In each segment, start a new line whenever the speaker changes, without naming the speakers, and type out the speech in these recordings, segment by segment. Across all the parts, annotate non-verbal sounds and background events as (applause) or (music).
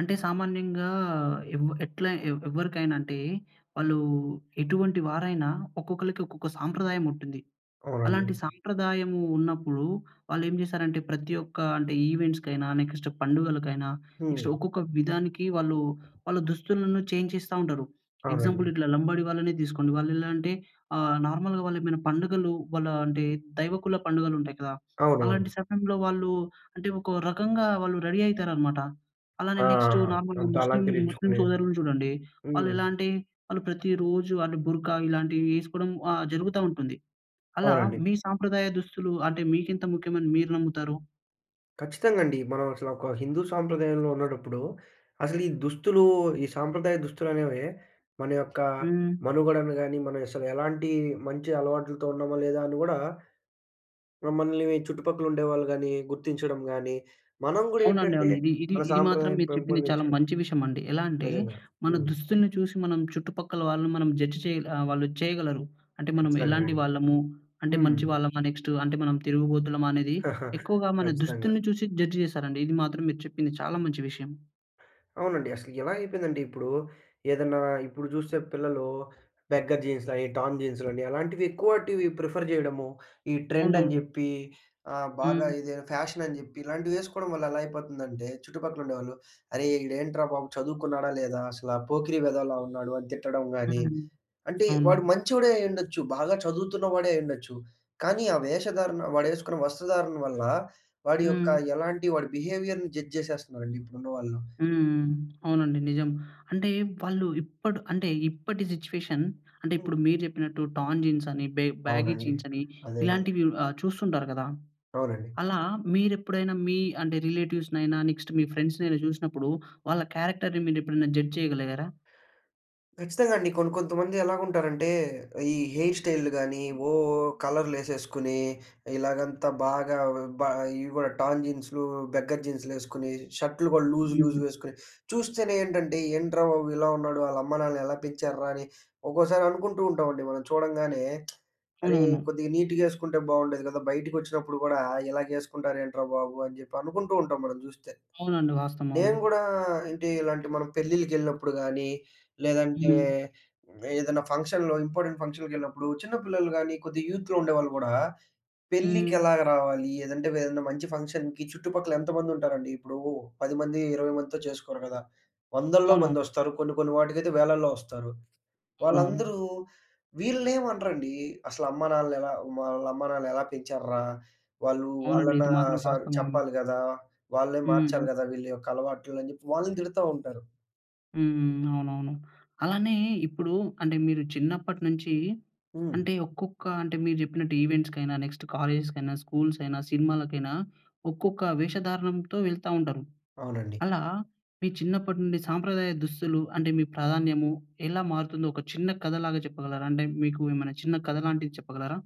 అంటే సామాన్యంగా ఏవ్ ఎట్లా ఎ ఎవరికైనా అంటే, వాళ్ళు ఎటువంటి వారైనా ఒక్కొక్కళ్ళకి, ఒక్కొక్క సంప్రదాయం ఉంటుంది.
అవునండి.
అలాంటి సాంప్రదాయము ఉన్నప్పుడు, వాళ్ళేం జేశారంటే ప్రతి ఒక్క అంటే ఈవెంట్స్‌కైనా, నెక్స్ట్ పండుగలకైనా, నెక్స్ట్
హ్మ్.
ఒక్కొక్క విధానికి వాళ్ళు వాళ్ళ దుస్తులను చేంజ్ చేస్తా ఉంటారు. ఎగ్జాంపుల్
అవునండి.
ఇట్లా లంబడి వాళ్ళని తీసుకోండి, వాళ్ళెలా అంటే ఆహ్, నార్మల్‌గా వాళ్ళేమైనా పండుగలు, వాళ్ళ అంటే దైవకుల పండుగలు ఉంటాయి కదా! అలాంటి
అవునవును.
సమయంలో వాళ్ళు అంటే, ఒక రకంగా వాళ్ళు రెడీ అయితారనమాట. అలానే
ఆ. ఆ.
నెక్టు
ఆ.
నార్మల్‌గా
అంతా
ముస్లిం ముస్లిం
అలంకరించుకొని.
సోదరులు జూడండి.
హ్మ్.
వాళ్ళెలా అంటే, ఆళ్ళు ప్రతిరోజు ఆళ్ళు బుర్కా ఇలాంటివి వేసుకోవడం ఆహ్, జరుగుతా ఉంటుంది. అలా
అవునండి.
మీ సాంప్రదాయ దుస్తులు అంటే, మీకింత ముఖ్యమని మీరు నమ్ముతారు?
ఖచ్చితంగా అండి. మనం అసలు ఒక హిందూ సాంప్రదాయంలో ఉండేటప్పుడు, అసలీ దుస్తులు ఈ సాంప్రదాయ దుస్తులనే‌వే మన యొక్క
హ్మ్.
మనుగడను గాని, మనం అసలు ఎలాంటి మంచి అలవాట్లతో ఉన్నామా లేదా అని గూడా మనల్ని చుట్టుపక్కల ఉండేవాళ్ళు గాని, గుర్తించడం గాని మనం
అవునండి
గూడేంటంటే,
అవును. ఇది, ఇది
మన
ఇది మాత్రం
సాంప్రదాయాన్ని
మీరు చెప్పింది చాలా
పెంపొందించడం
మంచి విషయమండి. ఎలా అంటే,
నిజంగా.
మన
హ్మ్.
దుస్తుల్ని చూసి మనం చుట్టుపక్కల వాళ్ళని మనం జడ్జ్ చేయల ఆహ్, వాళ్ళు చేయగలరు. అంటే మనం
ఖచ్చితంగా
ఎలాంటి
అండి.
వాళ్ళము, అంటే
హ్మ్.
మంచివాళ్లమా నెక్టు అంటే, మనం తిరుగుబోతులమా అనేది
(chuckles)
ఎక్కువగా మన
ఖచ్చితంగా.
దుస్తుల్ని చూసి జడ్జ్ జేశారండి. ఇది మాత్రం మీరు చెప్పింది చాలా మంచి విషయం.
అవునండి. అసలు ఎలా అయిపోయిందంటే ఇప్పుడూ? ఏదన్నా ఇప్పుడు చూస్తే పిల్లలు బెగ్గర్ జీన్స్‌లయి, టోర్న్ జీన్స్‌లని, అలాంటివి ఎక్కువాటివి ప్రిఫర్ చేయడము. ఈ ట్రెండ్ అని
(unintelligible)
చెప్పి, ఆహ్, బాగా
హ్మ్.
ఇది ఫ్యాషనని చెప్పి, ఇలాంటివి ఏసుకోవడం వల్ల ఎలా అయిపోతుందంటే, చుట్టుపక్కల ఉండేవాళ్ళు, అరే! ఈడు ఏంట్రా బాబు, చదువుకున్నాడా లేదా అసల పోకిరి వెదవలా ఉన్నాడు, అని తిట్టడం గాని.
హ్మ్.
అంటే
అవును.
వాడు మంచోడే అయ్యుండొచ్చు. బాగా చదువుతున్నవాడే అయ్యుండొచ్చు. కానీ, ఆ వేషధారణ, వాడేసుకున్న వస్త్రధారణ వల్ల, వాడి యొక్క
హ్మ్.
ఎలాంటి వాడి బిహేవియర్‍ని జడ్జ్ చేసేస్తున్నారండి ఇప్పుడున్నవాళ్ళు.
హ్మ్. అవునండి నిజం. అంటే వాళ్ళు ఇప్పుడ్ అంటే ఇప్పటి సిట్యుయేషన్, అంటే
హ్మ్.
ఇప్పుడు మీరు చెప్పినట్టు టోర్న్ జీన్స్ అని, బె బ్యాగీ
అవునండి.
జీన్స్ అని,
అదే గదా!
ఇలాంటివి ఆహ్, చూస్తుంటారు కదా!
అవునండి.
అలా మీరు ఎప్పుడైనా మీ అంటే రిలేటివ్స్‌నైన, నెక్స్ట్ మీ ఫ్రెండ్స్‌నైన చూసినప్పుడు, వాళ్ళ క్యారెక్టర్‌ని మీరు ఎప్పుడైనా జడ్జ్ చేయగలిగారా?
ఖచ్చితంగా అండి. కొన్ కొంతమంది ఎలా ఉంటారంటే, ఈ హెయిర్ స్టైలులు గాని, ఓ కలర్లు ఏసేసుకొని, ఇలాగంతా బాగా వ బా ఇవి కూడా టర్న్ జీన్స్‌లు బెగ్గర్ జీన్స్‌లు ఏసుకొని, షర్టులు కూడా లూజ్, లూజ్
హ్మ్.
వేసుకొని, చూస్తేనే ఏంటంటే ఏంట్రా బాబు, ఇలా ఉన్నాడు? ఆళ్ళ అమ్మానాన్న ఎలా పెంచార్రా, అని ఒక్కోసారి అనుకుంటూ ఉంటామండి మనం చూడంగానే. (smacks lips) అరే!
అవునవును.
కొద్దిగా నీట్‍గా ఏసుకుంటే బాగుండేది కదా! బయటికొచ్చినప్పుడు గూడా ఇలాగేసుకుంటారేంట్రా బాబు! అని చెప్పి అనుకుంటూ ఉంటాం మనం చూస్తే.
అవునండి వాస్తవం. అవును.
నేను కూడా అంటే, ఇలాంటి మనం పెళ్ళిళ్ళకెళ్ళినప్పుడు గాని, లేదంటే
హ్మ్.
ఏదైనా ఫంక్షన్‌లో, ఇంపార్టెంట్ ఫంక్షన్‌కెళ్ళినప్పుడు, చిన్న పిల్లలు గాని కొద్దిగా యూత్‌లో ఉండేవాళ్ళు గూడా, పెళ్ళికి
హ్మ్.
ఎలాగ రావాలి, ఏదంటే ఏదైనా మంచి ఫంక్షన్‌కి చుట్టుపక్కల ఎంతమంది ఉంటారండి, ఇప్పుడు 10 మంది, 20 మందితో చేసుకోరు కదా! వందల్లో
అవును.
మంది వస్తారు. కొన్ని, కొన్ని వాటికైతే వేలల్లో వస్తారు.
అవునవును.
వాళ్ళందరూ వీళ్ళనేం అనరండి. అసల అమ్మానాన్నలెలా వాళ్ళ అమ్మానాన్నలు ఎలా పెంచార్రా! వాళ్ళు
అవునండి.
వాళ్ళన
ఇది మాత్రం
సర్
వాస్తవం. అవును.
చెప్పాలి గదా! వాళ్ళే మార్చాలి
హ్మ్.
గదా! వీళ్ళ యొక్క అలవాట్లని వాళ్ళని తిడతా ఉంటారు.
హ్మ్, హ్మ్. అవునవును. అలానే ఇప్పుడు అంటే మీరు చిన్నప్పటి నుంచి
హ్మ్.
అంటే ఒక్కొక్క అంటే మీరు జెప్పినట్టు ఈవెంట్స్‌కైనా, నెక్స్ట్ కాలేజెస్‌కైనా, స్కూల్సయినా, సినిమాలకైనా ఒక్కొక్క వేషధారణంతో వెళ్తా ఉంటారు.
అవునండి.
అలా మీ చిన్నప్పటి నుండి సాంప్రదాయ దుస్తులు అంటే మీ ప్రాధాన్యము ఎలా మారుతుందో ఒక చిన్న కథలాగా చెప్పగలరా? అంటే మీకు ఏమన్నా చిన్న కథ లాంటిది చెప్పగలరా?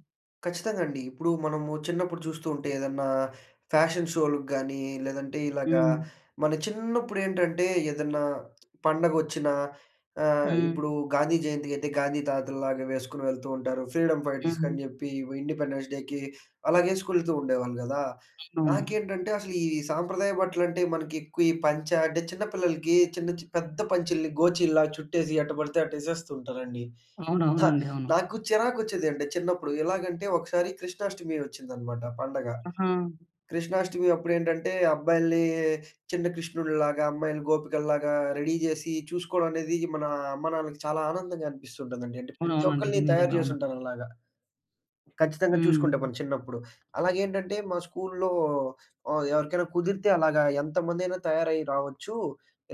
ఖచ్చితంగా అండి. ఇప్పుడు మనము చిన్నప్పుడు చూస్తూ ఉంటే ఏదన్నా ఫ్యాషన్ షోలుకి గానీ లేదంటే, ఇలాగా
హ్మ్.
మన చిన్నప్పుడేంటంటే ఏదన్నా పండగొచ్చినా, ఆహ్,
హ్మ్.
ఇప్పుడూ గాంధీ జయంతికైతే గాంధీ తాతల్లాగా వేసుకొని వెళ్తూ ఉంటారు. ఫ్రీడమ్ ఫైటర్స్‌కని
హ్మ్.
జెప్పీ, వి ఇండిపెండెన్స్ డేకి అలాగేసుకొని వెళ్తూ ఉండేవాళ్ళు గదా!
అవునవునవును.
నాకేంటంటే అసలు ఈ సాంప్రదాయ బట్టలంటే మనకి ఎక్కువ ఈ పంచ అంటే చిన్న పిల్లలకి చిన్న చి పెద్ద పంచల్ని గోచీల్లా చుట్టేసి ఎట్ట పడితే అట్ట యేసేస్తూ ఉంటారండి. అ!
అవునవునండి. అవును.
నాకు చిరాకొచ్చేది. అంటే చిన్నప్పుడు ఎలాగంటే, ఒకసారి కృష్ణాష్టమి వచ్చిందనమాట పండగ.
ఆహా!
కృష్ణాష్టమి అప్పుడేంటంటే అబ్బాయిలనీ చిన్న కృష్ణుళ్ళులాగా, అమ్మాయిలని గోపికల్లాగా, రెడీ జేసీ చూసుకోవడం అనేది మన అమ్మానాన్నలకి చాలా ఆనందంగా అనిపిస్తుంటుందండి. అంటే ప్రతి
అవునవునండీ. ఇది
ఒక్కళ్ళని తయారు
నిజమే.
జేసి
అవును.
ఉంటారలాగా. ఖచ్చితంగా చూసుకుంటే
హ్మ్.
మనం చిన్నప్పుడు. అలాగేంటంటే మా స్కూలులో ఆహ్, ఎవరికైనా కుదిరితే అలాగా ఎంతమందైనా తయారయి రావచ్చు.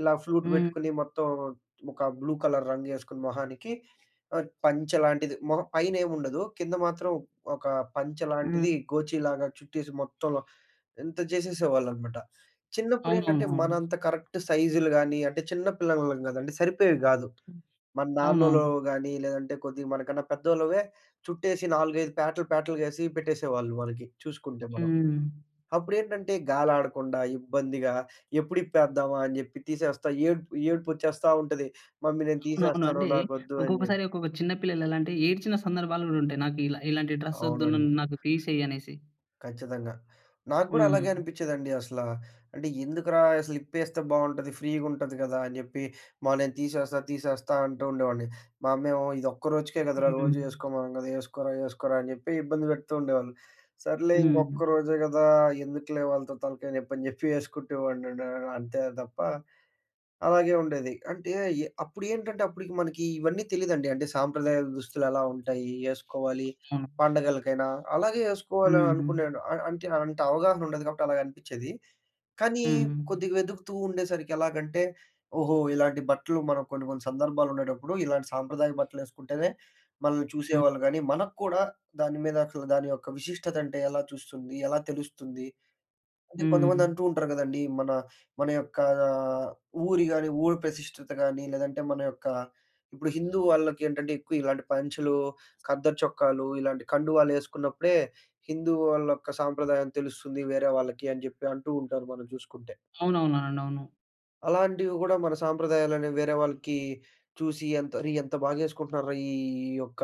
ఇలా ఫ్లూట్
హ్మ్.
పెట్టుకొని మొత్తం ఒక బ్లూ కలర్ రంగేసుకొని మొహానికి అ పంచెలాంటిది మొహ పైనేం ఉండదు. కింద మాత్రం ఒక పంచెలాంటిది
హ్మ్.
గోచీలాగా చుట్టేసి మొత్తంలో ఇంత జేసేసేవాళ్ళనమాట. చిన్నప్పుడేంటంటే మన
అవునవునువును.
అంత కరెక్ట్ సైజులు గానీ అంటే చిన్న పిల్లలం గదండి. సరిపోయేవి గాదు. మన
అవునవును.
నాన్నోల్లవో గానీ లేదంటే కొద్దిగ మనకన్నా పెద్దోళ్ళవే చుట్టేసి 4, 5 పేటలు, పేటలుగా ఏసి పెట్టేసేవాళ్ళు వాళ్ళకి చూసుకుంటే మనం.
హ్మ్.
అప్పుడేంటంటే గాలి ఆడకుండా ఇబ్బందిగా ఎప్పుడిప్పేద్దామా అని జెప్పి తీసేస్తా ఏడుపు ఏడుపొచ్చేస్తా ఉంటది. మమ్మీ నేను
అవునవును.
తీసేస్తాను.
అంటే
నాకొద్దు అని జె
ఒక్కొక్కసారి ఒక్కొక్క చిన్న పిల్లలు ఎలా అంటే ఏడ్చిన సందర్భాలు గూడా ఉంటాయి. నాకిలా ఇలాంటి డ్రెస్సోద్దు,
అవునండి.
నన్ నాకు తీసేయి అనేసి.
ఖచ్చితంగా. నాగూడా అలాగే
హ్మ్.
అనిపిచ్చేదండి అసల. అంటే ఎందుకురా! అసలు ఇప్పేస్తే బావుంటది. ఫ్రీగుంటది గదా! అని జెప్పి "మా నేను తీసేస్తా తీసేస్తా" అంటూ ఉండేవాడిని. మా అమ్మేమో "ఇదొక్క రోజుకే కదరా!
హ్మ్.
రోజు యేసుకోమనం గదా! యేసుకోరా యేసుకోరా" అని జెప్పి ఇబ్బంది పెడుతుండేవాళ్ళు. సర్లే
హ్మ్.
ఇంకొక్క రోజే గదా! ఎందుకులే వాళ్ళతో తలకాయ నెప్పి అని జెప్పి ఎసుకుంటే వాడినండి ఆహ్, అంతే తప్ప అలాగే ఉండేది. అంటే ఎ అప్పుడేంటంటే అప్పుడుకి మనకీ ఇవన్నీ తెలీదండి. అంటే సాంప్రదాయ దుస్తులు ఎలా ఉంటాయి? యేసుకోవాలి.
అవునవును.
పండగలకైనా అలాగే యేసుకోవాలి అని
హుహు.
అనుకునేను అ అంటే అంత అవగాహన ఉండదు గాబట్టి అలాగనిపిచ్చేది. కానీ
హ్మ్.
కొద్దిగ వెదుగుతూ ఉండేసరికి ఎలాగంటే ఓహో! ఇలాంటి బట్టలు మనకు కొన్ని, కొన్ని సందర్భాలుండేటప్పుడు ఇలాంటి సాంప్రదాయ బట్టలేసుకుంటేనే మనల్ని చూసేవాళ్ళు
హ్మ్.
గానీ, మనకు కూడా దాని మీద అసలు దాని యొక్క విశిష్టత అంటే ఎలా చూస్తుంది? ఎలా తెలుస్తుంది? అది కొంతమంది
హ్మ్.
అంటూ ఉంటరు గదండీ, మన మన యొక్క ఆహ్, ఊరి గానీ ఊరు ప్రతిష్టత గానీ లేదంటే, మన యొక్క ఇప్పుడు హిందూ వాళ్ళకేంటంటే ఎక్కువ ఇలాంటి పంచలు, ఖద్దర్ చొక్కాలు ఇలాంటి కండువాలు ఏసుకున్నప్పుడే హిందూ వాళ్ళొక్క సాంప్రదాయం తెలుస్తుంది వేరే వాళ్ళకి అని జెప్పి అంటూ ఉంటారు మనం చూసుకుంటే.
అవునవునవునండి. అవును.
అలాంటివి గూడా మన సాంప్రదాయాల‌ని వేరే వాళ్ళకీ చూసి ఎంత అరే, ఎంత బాగేసుకుంటున్నారు రా ఈ యొక్క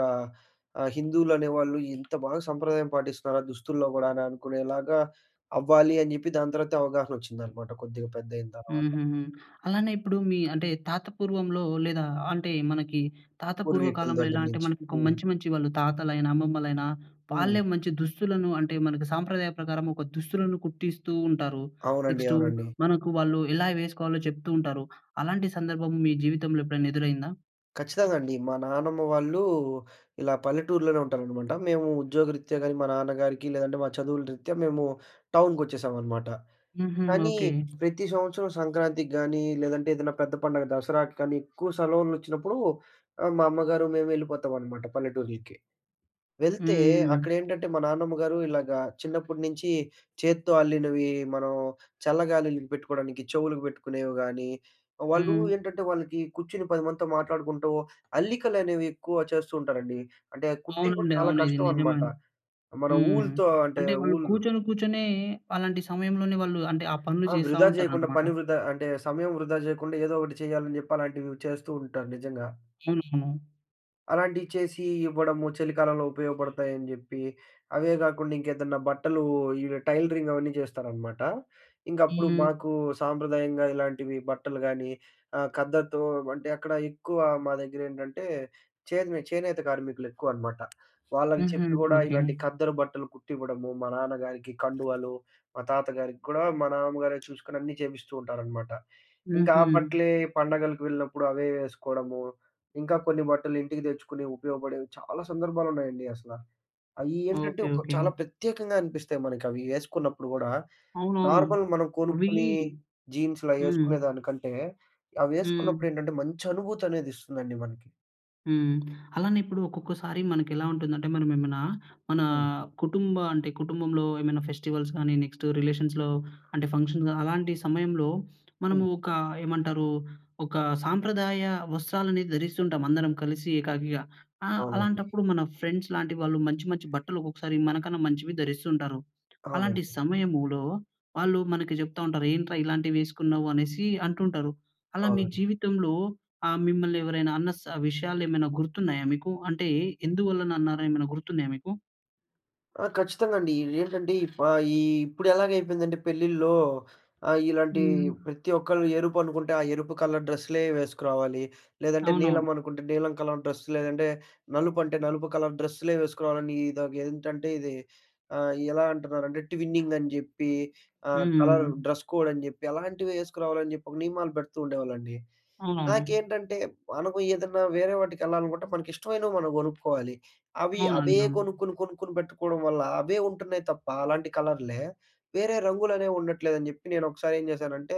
ఆహ్, హిందువులనేవాళ్ళు, ఇంత బాగా సంప్రదాయం పాటిస్త‌రా దుస్తుల్లో గూడా‌నా అనుకునేలాగా అవ్వాలి అని జెప్పి, దాని తర్వాతే అవగాహనొచ్చిందనమాట కొద్దిగా పెద్దయిన తర్వాత.
హుహుహు. అలానే ఇప్పుడు మీ అంటే, తాత పూర్వంలో, లేదా అంటే, మనకి తాత పూర్వ
పూర్వీకుల
కాలంలో
దగ్గర
ఎలాంటే,
నించి.
మనకొక
హ్మ్.
మంచి మంచి వాళ్ళు తాతలైనా, అమ్మమ్మలైనా,
హ్మ్.
వాళ్ళే మంచి దుస్తులను అంటే, మన‌కి సాంప్రదాయ ప్రకారమొక దుస్తులను కుట్టిస్తూంటారు.
అవునండి.
నెక్స్టు
అవునండి.
మనకు వాళ్ళు ఎలా వేసుకోవాలో చెప్తూంటారు. అలాంటి సందర్భం మీ జీవితంలో ఎప్పుడన్నెదురైందా?
ఖచ్చితంగాండి. మా నానమ్మ వాళ్ళూ ఇలా పల్లెటూర్లోనే ఉంటారనమాట. మేము ఉద్యోగరిత్యా గానీ మా నాన్నగారికి, లేదంటే, మా చదువుల రిత్యా మేము టౌన్‍కొచ్చేశావనమాట.
హుహు.
కానీ
ఓకే.
ప్రతి సంవత్సరం సంక్రాంతికి గానీ, లేదంటే ఏదన్నా పెద్ద పండగ దసరాకి కానీ, ఎక్కువ సెలవులొచ్చినప్పుడు, ఆహ్, మా అమ్మగారు మేము ఎళ్ళిపోతావనమాట పల్లెటూర్లకి. వెళ్తే
హ్మ్.
అక్కడేంటంటే, మా నాన్నమ్మ గారు ఇలాగా చిన్నప్పుడు నించి చేత్తో అల్లినవీ, మనం చల్లగాలుల‌‌‌కి పెట్టుకోడానికి చెవులుకి పెట్టుకునేవి గానీ, వాళ్ళూ
హ్మ్.
ఏంటంటే, వాళ్ళకి కూర్చుని 10 మందితో మాట్లాడుకుంటూ, అల్లికలనేవి ఎక్కువ చేస్తూంటారండి. అంటే, కుట్టేవి గూడా
అవునండి.
చాలా
అవును. ఇది నిజమ
కష్టవనమాట. మన
హ్మ్.
ఊల్‌తో అంటే,
అంటే, వాళ్ళు
ఊలు
కూర్చొని కూర్చొ‌నే, అలాంటి సమయంలోనే వాళ్ళు అంటే, ఆ పనులు
ఆ! వృధా జెయకుండా,
చేసావుంటారనమాట.
పని వృధా అంటే, సమయం వృధా జెయకుండా, ఏదో ఒకటి చెయ్యాలని జెప్పి, అలాంటివీ చేస్తూంటారు నిజంగా.
అవునవును.
అలాంటియి చేసీ ఇవ్వడము, చలికాలంలో ఉపయోగపడతాయని జెప్పి. అవే గాకుండ ఇంకేదన్నా బట్టలూ ఈ వె టైలరింగ్ అవన్నీ జేస్తారనమాట. ఇంగప్పుడు
హ్మ్.
మాకూ సాంప్రదాయంగా ఇలాంటివి బట్టలు గానీ, ఆహ్, ఖద్దరుతో అంటే, అక్కడ ఎక్కువా మా దగ్గరేంటంటే, చే‌ద్ మే చేనేత కార్మికులెక్కువనమాట. వాళ్ళకి
హుహు.
చెప్పి గూడా
ఓకే.
ఇలాంటి ఖద్దరు బట్టలు కుట్టివ్వడము, మా నాన్నగారికి కండువాలు, మా తాతగారికి కూడా మా నాన్నమ్మగారే చూసుకొని అన్నీ చేపిస్తూ ఉంటారనమాట. ఇంక ఆ
హుహు.
బట్టలే పండగలకి వెళ్ళినప్పుడు అవే ఏసుకోడము, ఇంకా కొన్ని బట్టలు ఇంటికి తెచ్చుకుని ఉపయోగపడేవి చాలా సందర్భాలున్నాయండి అసల. అ‌య్యీ ఏంటంటే,
ఓకే.
ఒక
ఓకే.
చాలా ప్రత్యేకంగా అనిపిస్తాయి మనకవి ఏసుకున్నప్పుడు గూడా.
అవునవును.
నార్మల్ మనం
అవీ
కొనుక్కునీ
హ్మ్.
జీన్సులయ్యేసుకునేదానికంటే,
హ్మ్.
అవేసుకున్నప్పుడేంటంటే, మంచనుభూతనేదిస్తుందండి మనకి.
హ్మ్. అలానే ఇప్పుడు ఒక్కొక్కసారి మనకెలా ఉంటుందంటే మనం ఏమైనా, మన
హ్మ్.
కుటుంబ అంటే కుటుంబంలో ఏమైనా ఫెస్టివల్స్ గానీ నెక్స్టు రిలేషన్స్‌లో అంటే ఫంక్షన్‌గా అలాంటి సమయంలో
హ్మ్.
మనము ఒక ఏమంటారు ఒక సాంప్రదాయ వస్త్రాలను ధరిస్తుంటాం అందరం కలిసి ఏకాకిగా. ఆ!
అవునండి.
అలాంటప్పుడు ఇప్పుడు మన ఫ్రెండ్స్ లాంటి వాళ్ళు మంచి మంచి బట్టలొ క్కొక్కసారి మనకన్నా మంచివి ధరిస్తూ ఉంటారు. అలాంటి
అవునండి.
సమయములో వాళ్ళు మనకి జెప్తా ఉంటారు, ఏంట్రా ఇలాంటివి వేసుకున్నావు అనేసి అంటుంటారు. అలా మీ
అవునండి.
జీవితంలో ఆహ్, మిమ్మల్ని ఎవరైనా అన్న స్ విషయాలేమైనా గుర్తున్నాయా మీకు? అంటే ఎందువల్లన అన్నారు ఏమైన గుర్తున్నాయా మీకు?
ఆ! ఖచ్చితంగా అండీ, ఇదేంటంటే ఇప్ ఆహ్, ఈ ఇప్పుడెలాగయిపోయిందంటే పెళ్ళిల్లో ఆహ్, ఇలాంటి
హ్మ్.
ప్రతి ఒక్కళ్ళు ఎరుపనుకుంట ఆ ఎరుపు కలర్ డ్రస్సులే వేసుకురావాలి. లేదంటే నీలం
అవునవును.
అనుకుంటే నీలం కలర్ డ్రస్ లేదంటే నలుపు అంటే నలుపు కలర్ డ్రస్సులే వేసుకురావాలని. ఇదొకేంటంటే ఇది ఆహ్, ఎలా అంటున్నారంటే ట్విన్నింగ్ అని జెప్పి ఆహ్, కలర్
హ్మ్.
డ్రస్ కోడ్ అని జెప్పి అలాంటివి ఏసుకురావాలని జెప్పి ఒక నియమాలు పెడుతూ ఉండేవాళ్ళండి.
అవునవును.
నాకేంటంటే మనకు ఏదన్నా వేరే వాటికి ఎళ్ళాలనుకుంటే మనకి ఇష్టమైనవి మనం గొనుక్కోవాలి. అవి అవే
అవునండి. అవును.
గొనుక్కొని కొనుక్కొని పెట్టుకోవడం వల్ల అవే ఉంటున్నాయి తప్ప అలాంటి కలర్లే వేరే రంగులనేవి ఉండట్లేదని జెప్పి నేనొకసారి ఏం జేశానంటే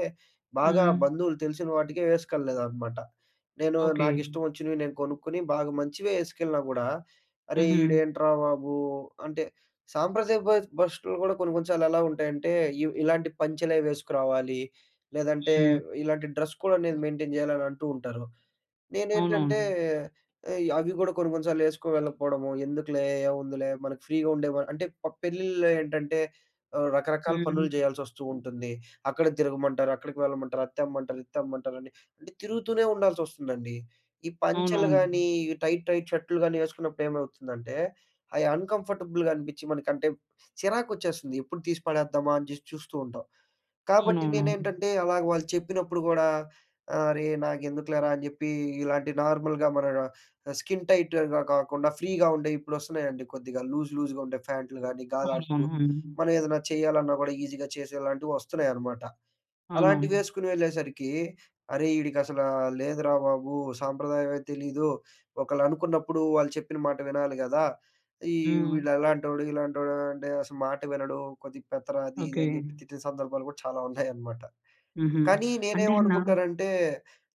బాగా
హ్మ్.
బంధువులు తెలిసిన వాటికే వేసుకెల్ల‌‌‌‌లేదనమాట. నేను
ఓకె.
నాకిష్టం వచ్చినవి నేను కొనుక్కొని, బాగా మంచివే వేసుకెళ్ళినా గూడా, అరే!
హుహు.
ఈడేంట్రా బాబు! అంటే సాంప్రదాయ బస్ బష్టులు కూడా కొన్ని కొన్ని సార్లు ఎలా ఉంటాయంటే, ఇవ్ ఇలాంటి పంచలే వేసుకురావాలి. లేదంటే
హ్మ్.
ఇలాంటి డ్రస్ కోడ్ అనేది మెయింటెయిన్ జేయాలి అని అంటూ ఉంటారు. నేనేంటంటే,
అవునవును.
ఇ అవి గూడా కొన్ని కొన్ని సార్లు ఏసుకు వెళ్ళకపోవడము. ఎందుకులే, ఏముందిలే మనకు ఫ్రీగా ఉండే వ అంటే, ప పెళ్ళిల్లో ఏంటంటే, ఆహ్, రకరకాల పనులు
హ్మ్.
జేయాల్సొస్తూ ఉంటుంది. అక్కడ తిరగమంటారు. అక్కడికి వెళ్ళమంటారు. అది తెమ్మంటారు, ఇది తెమ్మంటారండి. అంటే తిరుగుతూనే ఉండాల్సొస్తుందండి. ఈ పంచలు
అవునవును.
గానీ ఈ టైట్, టైట్ షర్టులు కాని ఏసుకున్నప్పుడు ఏమవుతుందంటే అయి అన్‌కంఫర్టబుల్‍గా అనిపించి మనకంటే చిరాకొచ్చేస్తుంది ఎప్పుడు తీసి పడేద్దామా అని జేసి చూస్తూ ఉంటాం. కాబట్టి
అవునవునవును.
నేనేంటంటే అలాగా వాళ్ళు చెప్పినప్పుడు కూడా అరే నాకెందుకులేరా అని జెప్పి ఇలాంటి నార్మల్‍గా మన డ స్కిన్ టైట్‌గా గాకుండా ఫ్రీగా ఉండేయి ఇప్పుడొస్తున్నాయండి కొద్దిగా లూజ్, లూజ్‌గా ఉండే ఫ్యాన్టులు గానీ గాలాడుతూ
అవునవును. అవును.
మనం ఏదన్నా చేయాలన్నా కూడా ఈజీగా చేసేలాంటివి వస్తున్నాయన్నమాట.
అవునవును.
అలాంటివేసుకొని వెళ్ళేసరికి అరేయ్ ఈడిక అసల లేదురా బాబు. సాంప్రదాయమే తెలీదు. ఒకళ్ళు అనుకున్నప్పుడు వాళ్ళు చెప్పిన మాట వినాలి గదా! ఈ
హ్మ్.
వీళ్ళలాంటోడు, ఇలాంటోడు అంటే అసలు మాట వినడు కొద్దిగా పెత్తరా అది ఇది
ఓకె.
అని చెప్పి తిట్టిన సందర్భాలు గూడా చాలా ఉన్నాయన్నమాట.
హుహు.
కానీ,
అంటే నా
నేనేమనుకుంటానంటే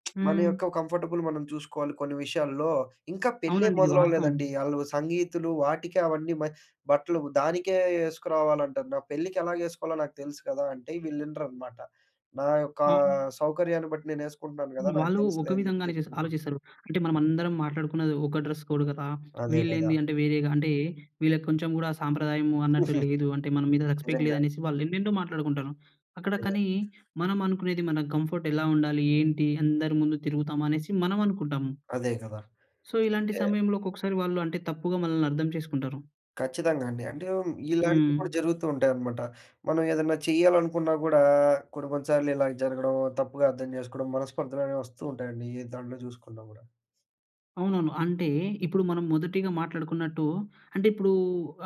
(smacks lips) మన యొక్క
హ్మ్.
కంఫర్టబుల్ మనం చూసుకోవాలి కొన్ని విషయాలలో. ఇంకా పెళ్ళే
అవునండి. ఇది వాస్తవం.
మొదలవ్వ‌లేదండి. ఆళ్ళు సంగీతులు వాటికి అవన్నీ మ బట్టలు దానికే ఏ‌‌‌‌‌సుకు రావాలంటాన్నా పెళ్ళికెలాగేసుకోవాలో నాకు తెలుసు కదా! అంటే, వీళ్ళినరనమాట. నా యొక్క
అవును.
సౌకర్యాన్ని బట్టి నేను ఏసుకుంటున్నాను గదా! నాకు
వాళ్ళు ఒక
తెలుసులే అని జెప్పి
విధంగానే చేస్
జెప్పుకుంటాను.
ఆలోచిస్తారు. అంటే మనమందరం మాట్లాడుకున్నది ఒక డ్రెస్ కోడ్ గదా!
అదే గదా!
వీళ్ళేంది అంటే వేరేగా అంటే వీళ్ళకి కొంచెం కూడా సాంప్రదాయము అన్నట్టు
(giggles)
లేదు, అంటే మన మీద రెస్పెక్ట్
నిజంగా.
లేదు అనేసి వాళ్ళు ఎన్నెన్నో మాట్లాడుకుంటారు. అక్కడ
నిజంగా.
కానీ, మనం అనుకునేది మన కంఫర్ట్ ఎలా ఉండాలి, ఏంటి అందరి ముందు తిరుగుతాము అనేసి మనం అనుకుంటాము.
అదే గదా.
సో, ఇలాంటి
అంటే
సమయంలో ఒక్కొక్కసారి వాళ్ళు అంటే తప్పుగా మనల్ని అర్థం చేసుకుంటారు.
ఖచ్చితంగా అండి. అంటే, మ్ ఇలాంటివి కూడా
హ్మ్.
జరుగుతూ ఉంటాయన్నమాట. మనం ఏదన్నా చెయ్యాలనుకున్నా గూడా, కొన్ని కొన్ని సార్లు ఇలాగ జరగడం. తప్పుగా అర్థం జేసుకోవడం మనస్పర్ధలనేవి వస్తూ ఉంటాయండి, ఏ దాంట్లో చూసుకున్నా గూడా.
అవునవును. అంటే ఇప్పుడు మనం మొదటిగా మాట్లాడుకున్నట్టు అంటే ఇప్పుడు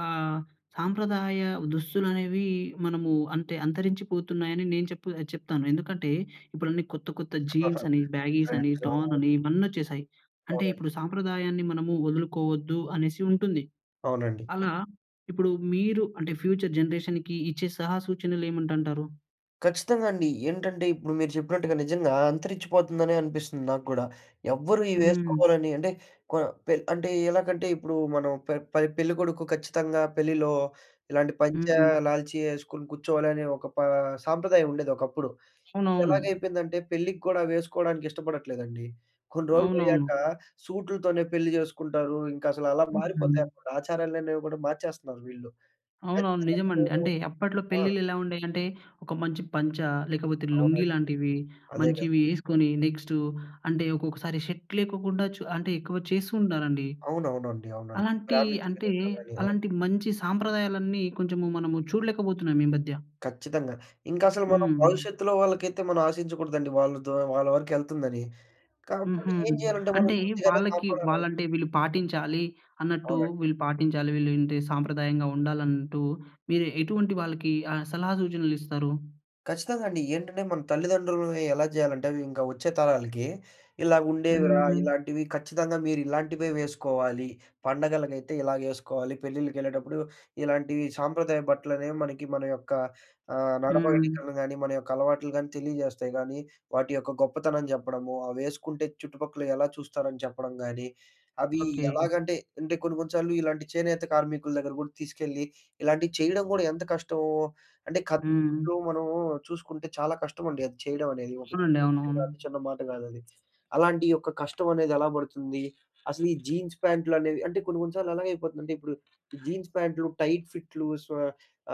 ఆహ్, సాంప్రదాయ దుస్తులనేవి మనము అంటే అంతరించిపోతున్నాయని నేను చెప్పు చెప్తాను. ఎందుకంటే ఇప్పుడన్నీ కొత్త కొత్త జీన్స్
(giggles)
అని బ్యాగీస్ అని
ట్రెండ్
టార్న్ అని
(unintelligible)
ఇవన్నీ వచ్చేశాయి. అంటే
అవునండి.
ఇప్పుడు సాంప్రదాయాన్ని మనము వదులుకోవద్దు అనేసి ఉంటుంది.
అవునండి.
అలా ఇప్పుడు మీరు అంటే ఫ్యూచర్ జనరేషన్‌కి ఇచ్చే సలహా సూచనలు ఏమిటంటారు?
ఖచ్చితంగా అండి. ఏంటంటే ఇప్పుడు మీరు చెప్పినట్టుగా నిజంగా అంతరించిపోతుందనే అనిపిస్తుంది నాకు గూడా. ఎవ్వరు
హ్మ్.
ఇవేసుకోవాలని అంటే కొ పే అంటే ఆహ్, ఎలాగంటే ఇప్పుడు మనం పె పె పెళ్ళికొడుకు ఖచ్చితంగా పెళ్లిలో ఇలాంటి పంచా,
హ్మ్.
లాల్చీ యేసుకొని కూర్చోవాలనే ఒక ప సాంప్రదాయం ఉండేదొకప్పుడు.
అవునవును.
ఇప్పుడెలాగయిపోయిందంటే పెళ్ళికి కూడా అవేసుకోవడానికి ఇష్టపడట్లేదండి. కొన్ని రోజులు
అవునవును.
పోయాక సూట్లుతోనే పెళ్లి జేసుకుంటారు. ఇంక అసలలా
హుహు.
మారిపోతాయనమాట. ఆచారాలనేవి గూడా మార్చేస్తున్నారు వీళ్ళు.
అవునవును.
ఖచ్చితంగా అయితే
నిజమండి.
నేను
అంటే అప్పట్లో
ఆ!
పెళ్ళిళ్ళెలా ఉండేయంటే, ఒక మంచి పంచా, లేకపోతే లుంగీ
అవునండి.
లాంటివి
అదే గదా!
మంచివి యేసుకొని నెక్స్టు అంటే ఒకొక్కసారి షర్ట్ లేకోకుండా చు అంటే ఎక్కువ చేస్తూ ఉంటారండి.
అవునవునండి. అవునండి.
అలాంటి
బ్రాహ్మిన్స్
అంటే
పెళ్ళిల్లో గాని, అవును.
అలాంటి మంచి సాంప్రదాయాలన్నీ కొంచెము మనము చూడలేకపోతున్నాం ఈ మధ్య.
ఖచ్చితంగా. ఇంకసలు మనం
హ్మ్.
భవిష్యత్తులో వాళ్ళకైతే మనం ఆశించకూడదండి. వాళ్ళ ద్వా వాళ్ళ వరకు వెళ్తుందని. కాబట్టి
హుహు.
ఏం చేయాలంటే మనం
అంటే
కొద్దిగన్న
వాళ్ళకి
కాపాడాలండి.
వాళ్లంటే వీళ్ళు పాటించాలి అన్నట్టు
అవునండి.
వీళ్ళు పాటించాలి, విలుంటే సాంప్రదాయంగా ఉండాలన్నట్టు. మీరు ఎటువంటి వాళ్ళకి ఆహ్, సలహా సూచనలిస్తారు?
ఖచ్చితంగా అండి. ఏంటంటే మన తల్లిదండ్రులని ఎలా జేయాలంటే అవి ఇంకా వచ్చే తరాలకి, ఇలా ఉండేవిరా.
హ్మ్.
ఇలాంటివి ఖచ్చితంగా మీరు ఇలాంటివే వేసుకోవాలి. పండగలకైతే ఇలాగేసుకోవాలి, పెళ్ళిళ్ళకెళ్ళేటప్పుడు ఇలాంటీ సాంప్రదాయ బట్టలనేవి మనకి మన యొక్క ఆహ్,
హ్మ్.
నడవడికలని గానీ మన యొక్క అలవాట్లు గానీ తెలియజేస్తాయి గానీ, వాటి యొక్క గొప్పతనం జెప్పడము. అవేసుకుంటే చుట్టుపక్కల ఎలా చూస్తారని చెప్పడం గాని, అవి
ఓకె.
ఎలాగంటే అంటే కొన్ని కొన్ని సార్లు ఇలాంటి చేనేత కార్మికుల దగ్గర గూడా తీసుకెళ్ళి, ఇలాంటివి చేయడం గూడా ఎంత కష్టమో అంటే కద్దరు
హ్మ్.
బట్టలు మనము చూసుకుంటే చాలా కష్టం అండి అది చేయడం అనేది. ఒక
అవునండి.
చిన్న విషయం
అవునవును.
గాదు, చిన్న మాట గాదది. అలాంటి ఒక కష్టం అనేది ఎలా పడుతుంది. అసలు ఈ జీన్స్ ప్యాంట్లు అనేవి అంటే కొన్ని కొన్ని సార్లు ఎలా అయిపోతుందంటే, ఇప్పుడు ఈ జీన్స్ ప్యాంట్లు, టైట్ ఫిట్లు, స్వే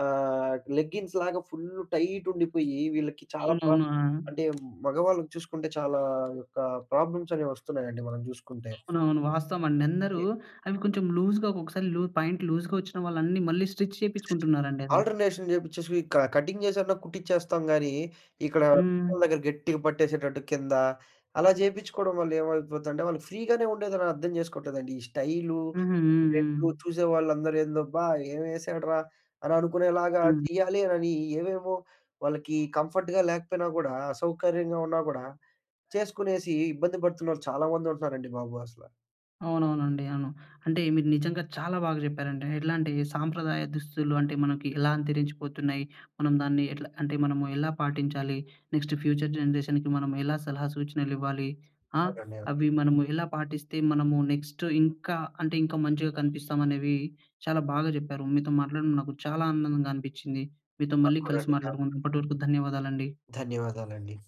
ఆహ్ లెగ్గింగ్స్ లాగా ఫుల్లు టైట్ ఉండిపోయి వీళ్ళకి చాలా ప్రా
అవునవును. ఆ!
అంటే మగవాళ్ళకి చూసుకుంటే చాలా ఆ యొక్క ప్రాబ్లమ్స్ అనేవి వస్తున్నాయండి మనం జూసుకుంటే.
అవునవును, వాస్తవం అండి. అందరూ
అదే.
అవి కొంచెం లూజ్‌గా ఒక్కొక్కసారి లూ ప్యాంట్ లూజ్‌గా వచ్చినా వాళ్ళన్నీ మళ్ళీ స్టిచ్
(unintelligible)
చేపిచ్చుకుంటున్నారండి అది.
ఆల్టర్‌నేషన్ జేపిచ్చేసి క కట్టింగ్ జేసన్నా కుట్టిచేస్తాం గాని ఇక్కడ
హ్మ్.
పిక్కల దగ్గర గట్టిగా పట్టేసేటట్టు కిందా అలా జేపిచ్చుకోవడం వల్ల ఏమైపోద్దంటే వాళ్ళు ఫ్రీగానే ఉండదని అర్థం చేసుకోట్లేదండి. ఈ స్టైలు,
హుహు. హ్మ్.
ట్రెండు
హ్మ్.
చూసేవాళ్ళందరూ ఏందబ్బా ఏమేసాడురా అని అనుకునేలాగా
హ్మ్.
చేయాలి అనని, ఏవేవో వాళ్ళకి కంఫర్ట్‌గా లేకపోయినా గూడా అసౌకర్యంగా ఉన్నా గూడా చేసుకునేసి ఇబ్బంది పడుతున్నాళ్ళు చాలా మందుంటున్నారండి బాబు అసల.
అవునవునండి. అవును. అంటే మీరు నిజంగా చాలా బాగా చెప్పారండి. ఎట్లా అంటే సాంప్రదాయ దుస్తులు అంటే మనకి ఎలా అంతరించిపోతున్నాయి. మనం దాన్ని ఎట్లా అంటే మనము ఎలా పాటించాలి. నెక్స్ట్ ఫ్యూచర్ జనరేషన్‍కి మనము ఎలా సలహా సూచనలివ్వాలి. ఆహ్,
అవునండి. అవును.
అవి మనము ఎలా పాటిస్తే మనము నెక్స్ట్ ఇంకా అంటే ఇంకా మంచిగా కనిపిస్తాం అనేవి చాలా బాగా చెప్పారు. మీతో మాట్లాడడం నాకు చాలా ఆనందంగా అనిపిచ్చింది. మీతో
నాకు
మళ్ళీ
కూడా
కలిసి
అండి నాకు
మాట్లాడుకు
కూడా.
అప్పటివరకు ధన్యవాదాలండి.
ధన్యవాదాలండి.